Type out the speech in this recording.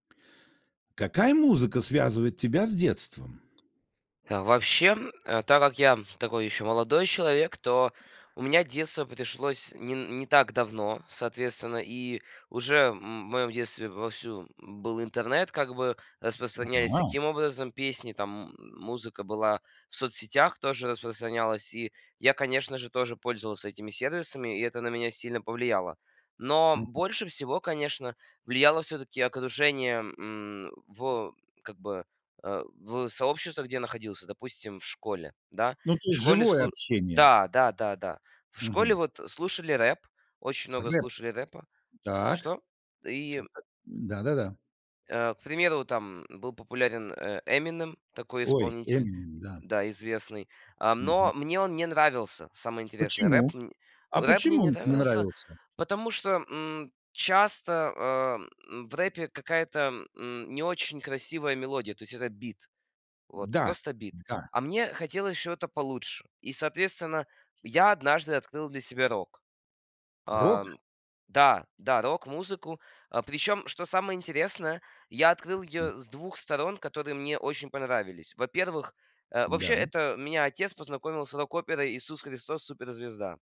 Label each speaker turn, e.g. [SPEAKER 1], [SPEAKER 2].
[SPEAKER 1] Какая музыка связывает тебя с детством?
[SPEAKER 2] Вообще, э, так как я такой еще, молодой человек, то у меня детство пришлось не н не так давно, соответственно. И уже, м, в моем детстве вовсю был интернет, как бы распространялись
[SPEAKER 1] Ага.
[SPEAKER 2] таким образом песни, там музыка была, в соцсетях тоже распространялась. И я, конечно же, тоже пользовался этими сервисами, и это на меня сильно повлияло. Но
[SPEAKER 1] Мгм.
[SPEAKER 2] больше всего, конечно, влияло всё-таки окружение, м, в как бы, э, в сообществах, где я находился, допустим, в школе, да.
[SPEAKER 1] Ну, то
[SPEAKER 2] В
[SPEAKER 1] есть
[SPEAKER 2] школе
[SPEAKER 1] живое
[SPEAKER 2] слу
[SPEAKER 1] общение.
[SPEAKER 2] Да, да-да-да, в школе
[SPEAKER 1] Мгм.
[SPEAKER 2] вот слушали рэп, очень много
[SPEAKER 1] Рэп,
[SPEAKER 2] слушали рэпа А,
[SPEAKER 1] так.
[SPEAKER 2] что? И
[SPEAKER 1] Вот так. Да-да-да.
[SPEAKER 2] э, к примеру, там был популярен, э, "Эминем", такой
[SPEAKER 1] Ой,
[SPEAKER 2] исполнитель,
[SPEAKER 1] "Эминем", да.
[SPEAKER 2] да, известный. Ам,
[SPEAKER 1] Мгм.
[SPEAKER 2] но мне он не нравился, самое интересное, рэп,
[SPEAKER 1] Почему?
[SPEAKER 2] м.
[SPEAKER 1] А
[SPEAKER 2] Рэп мне
[SPEAKER 1] почему
[SPEAKER 2] не
[SPEAKER 1] он те не
[SPEAKER 2] нравился,
[SPEAKER 1] нравился?
[SPEAKER 2] потому что, м, часто, а, в рэпе какая-то н не очень красивая мелодия, то есть это бит. Вот
[SPEAKER 1] Да,
[SPEAKER 2] просто бит.
[SPEAKER 1] да!
[SPEAKER 2] А мне хотелось чего-то получше. И, соответственно, я однажды открыл для себя рок.
[SPEAKER 1] Рок?
[SPEAKER 2] Ам. Да, да, рок-музыку. Причем, что самое интересное, я открыл
[SPEAKER 1] [unintelligible]
[SPEAKER 2] ее с 2 сторон, которые мне очень понравились. Во-первых, э, вообще,
[SPEAKER 1] Да.
[SPEAKER 2] это меня отец познакомил с рок-оперой "Иисус Христос- суперзвезда".